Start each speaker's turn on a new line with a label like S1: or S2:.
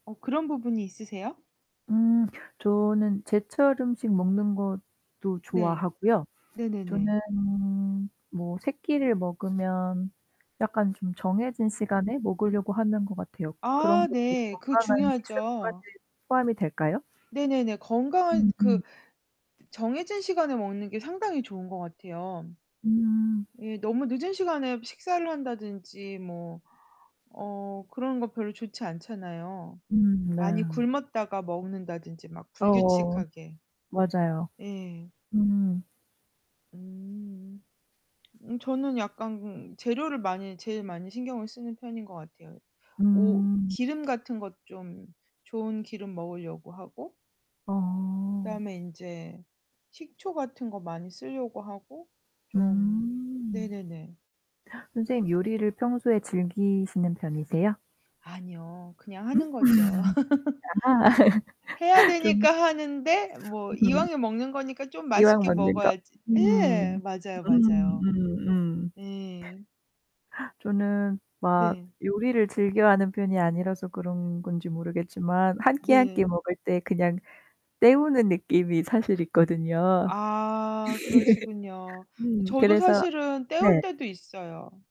S1: 어 그런 부분이 있으세요?
S2: 음 저는 제철음식 먹는 것도
S1: 네.
S2: 좋아하고요.
S1: 네네네.
S2: 저는 뭐 3 끼를 먹으면 약간 좀 정해진 시간에 먹으려고 하는 것 같아요. 그런
S1: 아
S2: 것도
S1: 네. 그
S2: 건강한 식습관에
S1: 중요하죠.
S2: 포함이 될까요?
S1: 네네네. 건강한
S2: 음음.
S1: 그 정해진 시간에 먹는 게 상당히 좋은 것 같아요.
S2: 음.
S1: 예 너무 늦은 시간에 식사를 한다든지 뭐 어 그런 거 별로 좋지 않잖아요.
S2: 음
S1: 많이
S2: 네.
S1: 굶었다가 먹는다든지 막
S2: 어
S1: 불규칙하게.
S2: 맞아요.
S1: 예.
S2: 음.
S1: 음. 음 저는 약간 재료를 많이 제일 많이 신경을 쓰는 편인 거 같아요. 오
S2: 음.
S1: 기름 같은 것 좀 좋은 기름 먹으려고 하고
S2: 어.
S1: 그다음에 인제 식초 같은 거 많이 쓸려고 하고 좀
S2: 음.
S1: 네네네.
S2: 선생님 요리를 평소에 즐기시는 편이세요?
S1: 아니요, 그냥
S2: 음?
S1: 하는 거죠.
S2: 아하
S1: 해야
S2: 좀.
S1: 되니까 하는데 뭐
S2: 음.
S1: 이왕에 먹는 거니까 좀
S2: 이왕
S1: 맛있게
S2: 먹는 거.
S1: 먹어야지. 예,
S2: 음.
S1: 맞아요, 맞아요.
S2: 음음음.
S1: 네.
S2: 저는 막
S1: 네.
S2: 요리를 즐겨하는 편이 아니라서 그런 건지 모르겠지만 한 끼 한 끼
S1: 네.
S2: 먹을 때 그냥 때우는 느낌이 사실 있거든요.
S1: 아, 그러시군요.
S2: 음,
S1: 저도
S2: 그래서
S1: 사실은 때울
S2: 네.
S1: 때도 있어요.